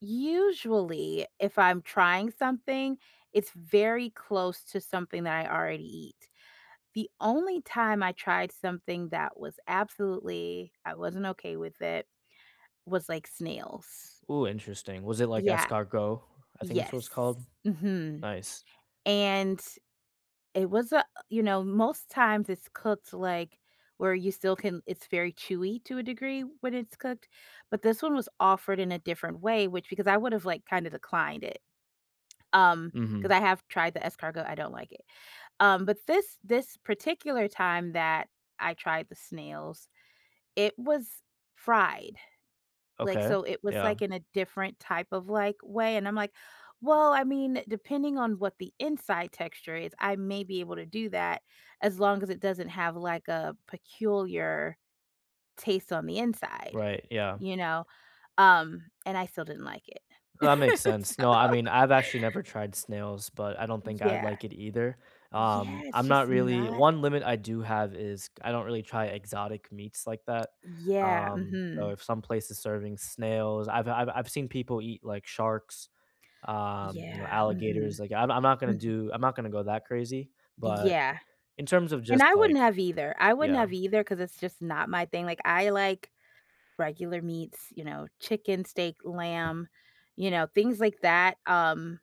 Usually, if I'm trying something, it's very close to something that I already eat. The only time I tried something that was absolutely, I wasn't okay with it, was like snails. Ooh, interesting. Was it like Yeah. escargot, I think it's what Yes. it's called? Mhm. Nice. And it was a uh, you know, most times it's cooked like where you still can it's very chewy to a degree when it's cooked but this one was offered in a different way, which because I would've like kind of declined it. Um, 'cause Mhm. I have tried the escargot I don't like it. Um, but this this particular time that I tried the snails, it was fried. Like, Okay. so it was Yeah. like in a different type of, like, way and I'm like, "Well, I mean, depending on what the inside texture is, I may be able to do that as long as it doesn't have like a peculiar taste on the inside." Right. Yeah. You know? Um, and I still didn't like it. That makes sense. No. I So mean, I've actually never tried snails, but I don't think I'd Yeah. like it either, Yeah, um, it's I'm just not really not 1 limit I do have is I don't really try exotic meats like that, Yeah, um, so mhm. if some place is serving snails I've I've I've seen people eat like sharks, um, you know, Yeah. alligators. Mhm. Like, I'm I'm not gonna Mhm. do I'm not gonna go that crazy but Yeah. in terms of And just I wouldn't like have either, I wouldn't Yeah. have either ‘cause it's just not my thing. Like, I like regular meats, you know, chicken, steak, lamb, you know, things like that, um,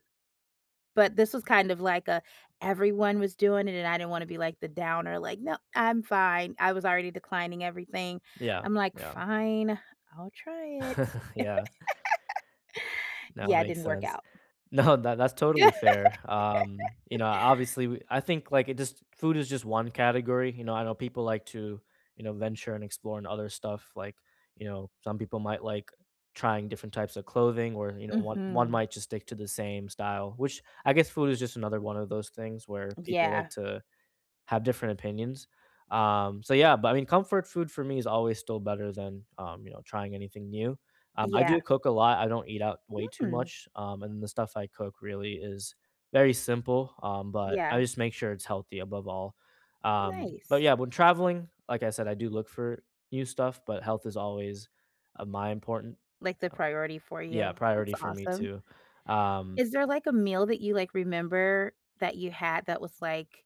but this was kind of like a, "everyone was doing it" and I didn't wanna be like the downer. Like, "No. I'm fine." I was already declining everything. Yeah. I'm like, Yeah. "Fine. I'll try it." Yeah. That Yeah it makes didn't work sense. out. No, that that's totally fair. Um, you know, obviously, w I think, like, it just food is just one category. You know, I know people like to, you know, venture and explore in other stuff. Like, you know, some people might like trying different types of clothing where, you know, one one Mhm. might just stick to the same style, which I guess food is just another one of those things where people Yeah. like to have different opinions. Um, so yeah, but I mean, comfort food for me is always still better than, um, you know, trying anything new. Um, I do Yeah. cook a lot. I don't eat out way too Mm. much, um, and the stuff I cook really is very simple, um, but I Yeah. just make sure it's healthy above all. Um, but Nice. yeah, when traveling, like I said, I do look for new stuff, but health is always my important Um Like the priority for Yeah. you. That's Priority for me awesome. too, um Is there like a meal that you like remember that you had that was like